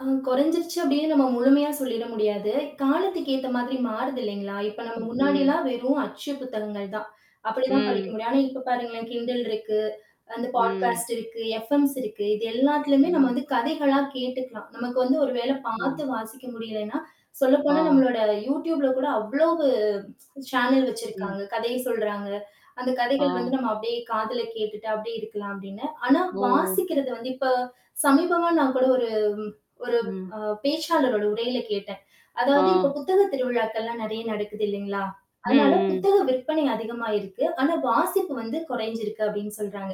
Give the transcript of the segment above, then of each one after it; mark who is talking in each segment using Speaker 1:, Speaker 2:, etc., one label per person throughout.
Speaker 1: ஆ குறைஞ்சிடுச்சு அப்படின்னு நம்ம முழுமையா சொல்லிட முடியாது, காலத்துக்கு ஏத்த மாதிரி மாறுது இல்லைங்களா? இப்போ நம்ம
Speaker 2: ம்.
Speaker 1: முன்னாடிலாம் வெறும் அச்சு புத்தகங்கள் தான். அப்படிதான் படிக்க
Speaker 2: ம்.
Speaker 1: முடியும், ஆனா இப்போ பாருங்களேன் kindle இருக்கு, அந்த
Speaker 2: ம்.
Speaker 1: பாட்காஸ்ட் இருக்கு, எஃப்எம்ஸ் இருக்கு, இது எல்லாத்துலயுமே நம்ம
Speaker 2: ம்.
Speaker 1: வந்து கதைகளாக கேட்டுக்கலாம். நமக்கு வந்து ஒரு வேளை
Speaker 2: ஓ.
Speaker 1: பாத்து வாசிக்க முடியலைன்னா, சொல்லப்போனால்
Speaker 2: ஆ.
Speaker 1: நம்மளோட youtubeல கூட அவ்வளோ சேனல் வச்சிருக்காங்க,
Speaker 2: ம்.
Speaker 1: கதைய சொல்றாங்க, அந்த கதைகள் வந்து
Speaker 2: ஆ.
Speaker 1: நாம அப்படியே காதில கேட்டுட்டு அப்படியே இருக்கலாம் அப்படின்னு. ஆனா
Speaker 2: ஓ.
Speaker 1: வாசிக்கிறது வந்து இப்ப சமீபமா நான் கூட ஒரு ஒரு
Speaker 2: ம்.
Speaker 1: ம், பேச்சாளருட உரையில கேட்டேன். அதாவது
Speaker 2: ஆ
Speaker 1: இப்போது புத்தக திருவிழாக்கள் எல்லாம் நறைய நடக்குது இல்லைங்களா,
Speaker 2: ம்,
Speaker 1: அதனால
Speaker 2: ம்.
Speaker 1: புத்தக விற்பனை அதிகமா இருக்கு. ஆனா வாசிப்பு வந்து கொரைஞ்சிருக்கு அப்படின்னு சொல்றாங்க.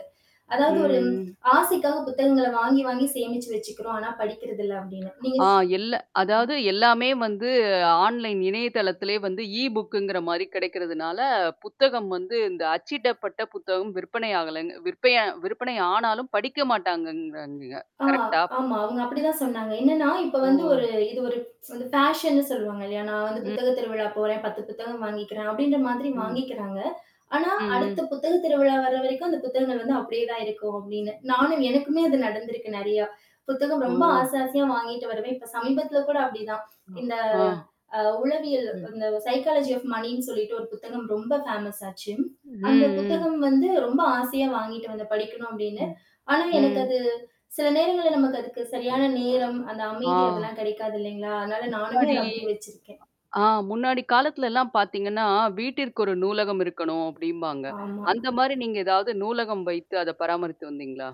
Speaker 2: ம்.
Speaker 1: அதாவது ஒரு
Speaker 2: ம்.
Speaker 1: ஆசைக்காக புத்தகங்கள வாங்கி, வாங்கி சேமிச்சு வச்சிக்கிறோம், ஆனா படிக்கிறதில்ல அப்படின்னு.
Speaker 2: ஆ,
Speaker 1: நீங்கச்
Speaker 2: இல்ல
Speaker 1: ம்.
Speaker 2: அதாவது எல்லாமே வந்து ஆன்லைன் இணையதளத்திலேயே வந்து ஈ-புக்குங்கிற மாரி கிடைக்கிறதுனால புத்தகம் வந்து இந்த அச்சிடப்பட்ட புத்தகம் விற்பனை ஆகலை, விற்பிய விற்பனை ஆனாலும் படிக்க மாட்டாங்கன்றான்க.
Speaker 1: ஆ,
Speaker 2: கரெக்ட் ஆ?
Speaker 1: ஆமா. அவங்க அப்படி தான் சொன்னாங்க. என்னனா இப்போ வந்து ஒரு
Speaker 2: ஓ.
Speaker 1: இது ஒரு பேஷன்னு சொல்லுவாங்க இல்லையா? நான் வந்து
Speaker 2: ம்
Speaker 1: புத்தகத் திருவிழா போறேன், 10 புத்தகம் வாங்கிக்கிறேன் அப்படீன்ற மாதிரி
Speaker 2: ம்.
Speaker 1: வாங்க்கிக்கிறாங்க. ஆனா
Speaker 2: ம்,
Speaker 1: அடுத்த
Speaker 2: ம்.
Speaker 1: புத்தகத் திருவிழா வர்ற வரைக்கும் அந்த புத்தகங்கள் வந்து அப்படியே தான் இருக்கும் அப்புடீன்னு. நானும் எனக்குமே அது நடந்திருக்கு நறையா. புத்தகம் ரொம்ப
Speaker 2: ஓ.
Speaker 1: ஆச ஆசயா வாங்கிட்டு வருவேன். இப்ப சமீபத்தில கூட அப்படிதான். இந்த
Speaker 2: ஆ.
Speaker 1: அ உளவியல்
Speaker 2: ம்.
Speaker 1: இந்த சைக்காலஜி ஆஃப் மனினு சொல்லிட்டு ஒரு புத்தகம் ரொம்ப பேமஸ் ஆச்சு.
Speaker 2: ம்,
Speaker 1: அந்த
Speaker 2: ம்.
Speaker 1: புத்தகம் வந்து ரொம்ப ஆசையா வாங்கிட்டு வந்தேன் படிக்கணும் அப்படின்னு.
Speaker 2: ம்.
Speaker 1: ஆனா எனக்கு
Speaker 2: ம்.
Speaker 1: அது சில நேரங்கள்ல நமக்கு அதுக்கு சரியான நேரம் அந்த
Speaker 2: ஆ
Speaker 1: அமைதி அதெல்லாம் கடைக்காது இல்லைங்களா, அதனால் நானுமே அத
Speaker 2: முன்னாடி
Speaker 1: அப்படியே வெச்சிருக்கேன்.
Speaker 2: ஆ முன்னாடி காலத்துல எல்லாம் பாத்தீங்கன்னா வீட்டிற்கு ஒரு நூலகம் இருக்கணும் அப்படின்பாங்க.
Speaker 1: ஆமாம்.
Speaker 2: அந்த மாரி நீங்க எதாவது நூலகம் வைத்து அத பராமரித்து வந்தீங்களா?